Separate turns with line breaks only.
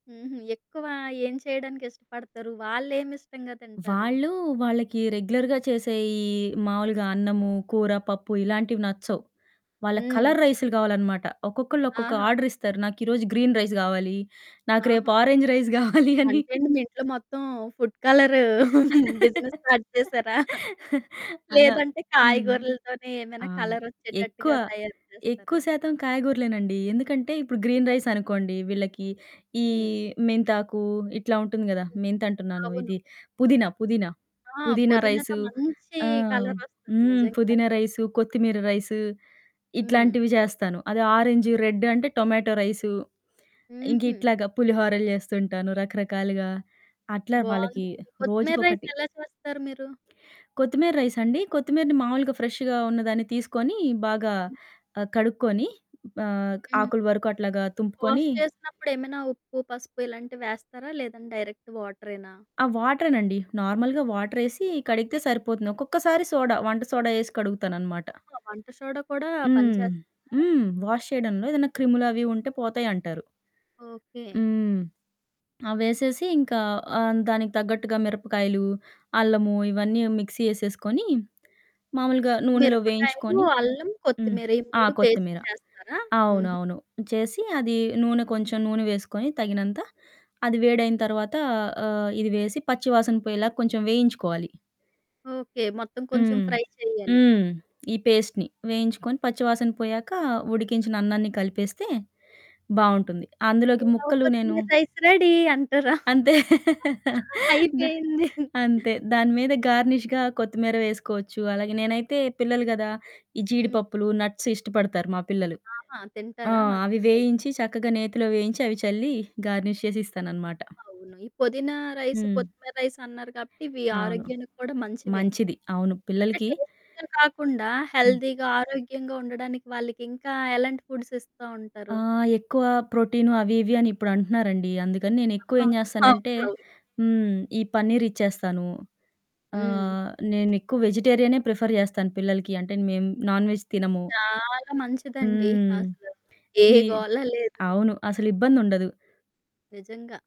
హుహు. ఎక్కువ ఏం చేయడానికి ఇష్టపడతారు? వాళ్ళేం ఇష్టంగా తింటారు?
వాళ్ళు వాళ్ళకి రెగ్యులర్‌గా చేసే ఈ మావులుగా అన్నము, కూర, పప్పు, ఇలాంటివి నచ్చవు. వాళ్ళకి
హ్మ్.
కలర్ రైసులు గావాలనమాట. ఒక్కొక్కళ్ళు ఒక్కొక్క
ఆహా!
ఆర్డరిస్తారు. నాకీ రోజు గ్రీన్ రైస్ గావాలి. నాకు రేపు
ఆహా!
ఆరంజ్ రైస్ గావాలి అని.
అంటే అండి మీ ఇంట్లో మొత్తం ఫుడ్ కలరు బిజినెస్ స్టార్ట్ చేసారా?
అలా
లేదంటే
హ్మ్.
కాయగూరలతోనే ఏదైనా
ఆ! ఎక్కువ
కలరొచ్చేటట్టుగా తయారు చేస్తారా?
ఎక్కువ శాతం కాయగూరలేనండి. ఎందుకంటే ఇప్పుడు గ్రీన్ రైస్ అనుకోండి వీళ్ళకి ఈ
హ్మ్.
మెంతాకు ఇట్లా ఉంటుంది గదా!
హ్మ్.
మెంతంటున్నాను
అవును.
ఇది పుదీనా, పుదీనా,
ఆ!
పుదీనా
పొదినాతో
రైసు
మంచి
ఆహ్, హ్మ్.
కలరొస్తది
హ్మ్.
నిజంగా.
పుదీనా రైసు, కొత్తిమీర రైసు
హ్మ్.
ఇట్లాంటివి చేస్తాను. అది ఆరెంజూ రెడ్డు అంటే టొమాటో రైసు. ఇంకా
హుహు.
ఇట్లాగా పులిహోరలు చేస్తుంటాను రకరకాలుగా. అట్లా వాళ్ళకి
బావుందండి. కొత్తిమీర రైస్
రోజుకొకటి.
ఎలా చేస్తారు మీరు?
కొత్తిమీర రైసండి కొత్తిమీరని మామూలుగా ఫ్రెషుగ ఉన్నదాన్ని తీసుకొని బాగా
హ్మ్.
ఆహ్, కడుక్కొని ఆహ్,
హ్మ్.
ఆకుల వరకు అట్లాగా
వాష్
తుంపుకొని
చేసినప్పుడు ఏమైనా ఉప్పు, పసుపు ఇలాంటివి వేస్తారా లేదంటే డైరెక్ట్ వాటరేనా?
ఆ వాటరేనండి. నార్మల్‌గా వాటరేసి కడిగితే
ఓకే.
సరిపోతుంది. ఒక్కొక్కసారి సోడా వంట సోడా ఏసి కడుగుతానన్నమాట.
ఓహో! వంట సోడా కూడా
హ్మ్.
పనిచేస్తందా?
హ్మ్. వాష్ చేయడంలో ఏదైనా క్రిములవి ఉంటే పోతాయంటారు.
ఓకే.
హ్మ్. అవేసేసి ఇంకా ఆహ్, దానికి తగ్గట్టుగా మిరపకాయలు, అల్లము ఇవన్నీ మిక్సీ ఏసేసుకొని మామూలుగా నూనెలో
మిరపకాయలు,
వేయించుకొని
అల్లం,
హ్మ్.
కొత్తిమీర ఈ
ఆ!
3 పేస్ట్
కొత్తిమీర
చేస్తారా? హుహు.
అవునువును చేసి అది నూనె కొంచెం నూనె వేసుకొని తగినంత అది వేడయిన తర్వాత ఆహ్, ఇది వేసి పచ్చి వాసన పొయ్యేలాగా కొంచెం వేయించుకోవాలి.
ఓకే. మొత్తం కొంచెం
హ్మ్.
ఫ్రై చెయ్యాలి. హ్మ్.
హ్మ్. ఈ పేస్ట్‌ని. వేయించుకొని పచ్చి వాసన పోయాక ఉడికించిన అన్నాన్ని కలిపేస్తే బావుంటుంది. అందులోకి
పులావు
ముక్కలు నేను
కొత్తిమీర రైస్ రెడీ అంటారా?
అంతే. దా
అయిపోయింది. హ్మ్.
అంతే దాని మీద గార్నిష్‌గా కొత్తిమీర వేసుకోవచ్చు. అలాగే నేనైతే పిల్లలు గదా ఈ
హ్మ్.
జీడిపప్పులు నట్స్ ఇష్టపడతారు మా పిల్లలు.
ఆహా!
ఆ!
తింటారా
అవి
మంచిదయితే.
వేయించి చక్కగా నేతిలో వేయించి అవి చల్లి గార్నిష్ చేసి ఇస్తాననమాట.
అవును. ఈ పొదీన రైసు,
హ్మ్.
కొత్తిమీర రైసు అన్నారు కాబట్టి ఇవి
అవును.
ఆరోగ్యానికి కూడా మంచివే.
మంచిది. అవును.
అంటే
పిల్లలకి
టేస్టు‌గా కాకుండా
హ్మ్.
హెల్దీగా ఆరోగ్యంగా ఉండడానికి వాళ్ళకి ఇంకా ఎలాంటి ఫుడ్స్ ఇస్తా ఉంటారు?
ఆహ్, ఎక్కువ ప్రోటీను అవి ఇవి అని ఇప్పుడంటున్నారండి. అందుకని నేనెక్కువ
ఆహా!
ఏం చేస్తానంటే
అవునవును.
హ్మ్. ఈ పన్నీర్ ఇచ్చేస్తాను.
హ్మ్.
ఆహ్, నేను ఎక్కువ వెజిటేరియనే ప్రిఫర్ చేస్తాను పిల్లలకి. అంటే మేము నాన్ వెజ్ తినము.
చాలా మంచిదండి.
హ్మ్.
అసలు ఏ
ఈ
గోల లేదు.
అవును. అసలిబ్బందుండదు.
నిజంగా.